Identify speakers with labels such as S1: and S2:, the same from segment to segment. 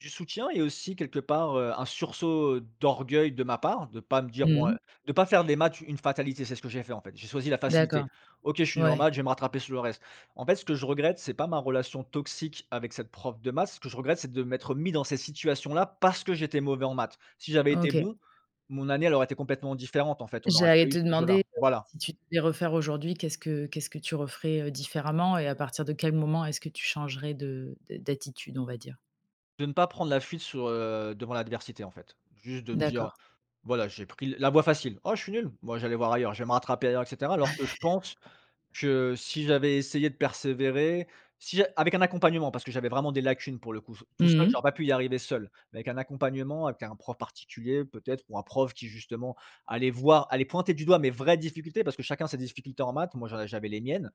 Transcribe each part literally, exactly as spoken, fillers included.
S1: Du soutien et aussi quelque part, heu, un sursaut, heu, d'orgueil de ma part, de pas me dire, bon
S2: Mmh.
S1: de pas faire des maths une fatalité, c'est ce que j'ai fait, en fait, j'ai choisi la facilité.
S2: D'accord,
S1: OK, je suis
S2: ouais.
S1: normal, je vais me rattraper sur le reste. En fait ce que je regrette, c'est pas ma relation toxique avec cette prof de maths, ce que je regrette c'est de m'être mis dans cette situation là parce que j'étais mauvais en maths. Si j'avais été
S2: OK.
S1: bon, mon année elle aurait été complètement différente en fait, on n'aurait
S2: J'allais
S1: pas eu
S2: te
S1: ce jeu là,
S2: demander, heu,
S1: voilà.
S2: si tu devais refaire aujourd'hui, qu'est-ce que qu'est-ce que tu referais, heu, différemment et à partir de quel moment est-ce que tu changerais de d'a d'attitude, on va dire?
S1: De ne pas prendre la fuite sur, heu, devant l'adversité en fait, juste de me dire:
S2: D'accord.
S1: «Voilà, j'ai pris l la voie facile. Oh je suis nul, bon je vais aller voir ailleurs, je vais me rattraper ailleurs» et cetera. Alors que je pense que si j'avais essayé de persévérer, si avec un accompagnement, parce que j'avais vraiment des lacunes pour le coup, t tout seul
S2: Mmh mh.
S1: j'aurais pas pu y arriver seul mais avec un accompagnement, avec un prof particulier peut-être ou un prof qui justement, allait voir allait pointer du doigt mes vraies difficultés, parce que chacun a ses difficultés en maths, moi, je j'avais les miennes,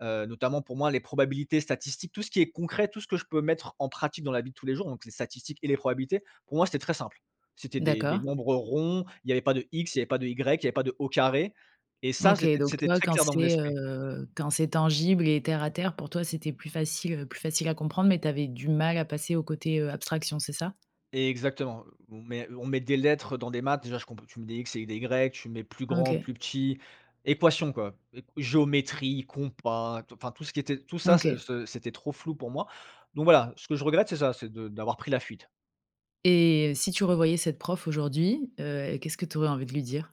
S1: heu, notamment pour moi les probabilités statistiques, tout ce qui est concret, tout ce que je peux mettre en pratique dans la vie de tous les jours donc les statistiques et les probabilités, pour moi c'était très simple. C'était des des
S2: D'accord.
S1: nombres ronds, il y avait pas de «x», il y avait pas de «y», il y avait pas de «au carré» et ça
S2: OK
S1: c'était
S2: donc
S1: c'était
S2: toi
S1: très
S2: quand
S1: clair dans mon
S2: c'est,
S1: esprit.
S2: heu, quand c'est tangible et terre à terre pour toi c'était plus facile, heu, plus facile à comprendre mais tu avais du mal à passer au côté, heu, abstraction, c'est ça?
S1: Exactement, mais on met des lettres dans des maths, déjà, je compr tu mets des x et des y, tu mets plus grand,
S2: OK.
S1: plus petit, équation, quoi, eq géométrie, compas, tou enfin tout ce qui était tout ça, ce
S2: OK.
S1: ce c'était trop flou pour moi. Donc voilà, ce que je regrette c'est ça, c'est de d'avoir pris la fuite.
S2: Et si tu revoyais cette prof aujourd'hui, heu, qu'est-ce que tu aurais envie de lui dire?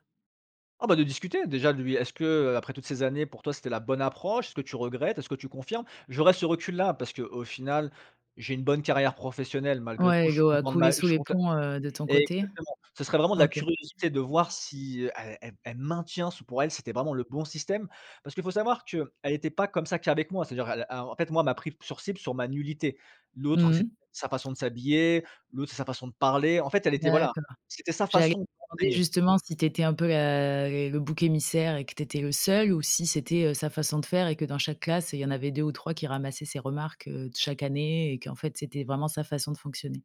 S1: Ah bah, de discuter, déjà, de lui est-ce que, heu, après toutes ces années pour toi, c'était la bonne approche? Est-ce que tu regrettes? Est-ce que tu confirmes? J'aurais ce recul là parce qu'au final, j'ai une bonne carrière professionnelle malgré tout,
S2: Ouais,
S1: je suis
S2: l'eau a
S1: content de
S2: coulé
S1: ma je
S2: sous
S1: suis
S2: les
S1: conte
S2: ponts, heu, de ton côté.
S1: exactement, ce serait vraiment de la
S2: OK.
S1: curiosité de voir si, elle elle elle maintient, se pour elle c'était vraiment le bon système. Parce que faut savoir qu'elle était pas comme ça qu'avec moi, c'est-à-dire elle a en fait moi elle m'a pris sur cible sur ma nullité. L'autre
S2: Mmh
S1: c'était
S2: mh.
S1: sa façon de s'habiller, l'autre c'est sa façon de parler, en fait, elle était voilà,
S2: D'accord,
S1: c'était sa
S2: j'allais
S1: façon
S2: te demander,
S1: d'enseigner.
S2: justement, si tu étais un peu la les le bouc émissaire et que tu étais le seul ou si c'était, heu, sa façon de faire et que dans chaque classe, il y en avait deux ou trois qui ramassaient ses remarques, heu, de chaque année et qu'en fait, c'était vraiment sa façon de fonctionner?